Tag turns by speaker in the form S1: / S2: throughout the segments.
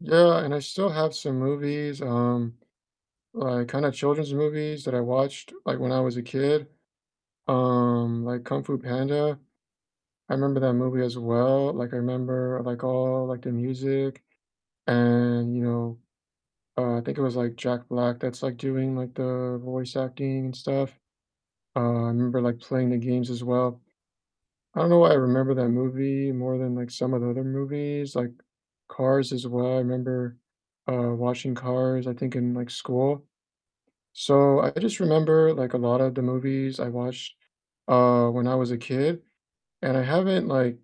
S1: Yeah, and I still have some movies, um, like, kinda children's movies that I watched, like, when I was a kid, um, like Kung Fu Panda. I remember that movie as well, like, I remember, like, all, like, the music and, you know, uh, I think it was, like, Jack Black that's, like, doing, like, the voice acting and stuff. Uh, I remember, like, playing the games as well. I don't know why I remember that movie more than like some of the other movies, like Cars as well, I remember, uh, watching Cars, I think in, like, school. So, I just remember, like, a lotta the movies I watched, uh, when I was a kid, and I haven't, like,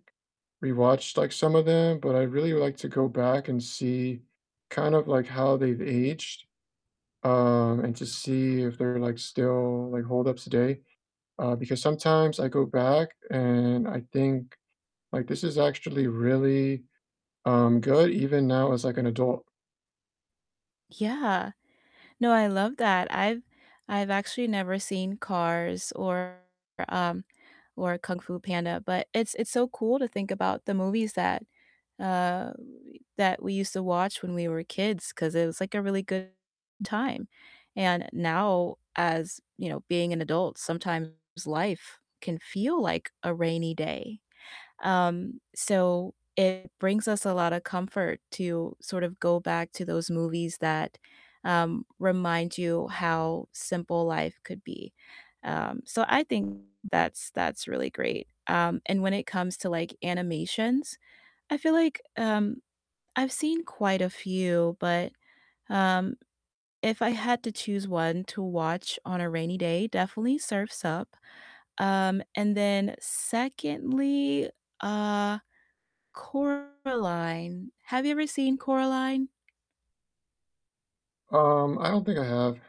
S1: re-watched, like, some of them, but I'd really like to go back and see kind of like how they've aged, um, and to see if they're, like still, like, hold up today. Uh, because sometimes I go back and I think like, "This is actually really, um, good even now as, like, an adult."
S2: Yeah, no, I love that, I've I've actually never seen Cars or, um or Kung Fu Panda, but it's it's so cool to think about the movies that uh, that we used to watch when we were kids 'cause it was, like, a really good time. And now as you know, being an adult, sometimes life can feel like a rainy day. Um, so it brings us a lotta comfort to sort of go back to those movies that, um, remind you how simple life could be. Um, so I think that's that's really great. Um, and when it comes to, like, animations, I feel like, um, I've seen quite a few, but, um, if I had to choose one to watch on a rainy day, definitely Surf's Up. Um, and then secondly, uh, Coraline. Have you ever seen Coraline?
S1: Um, I don't think I have.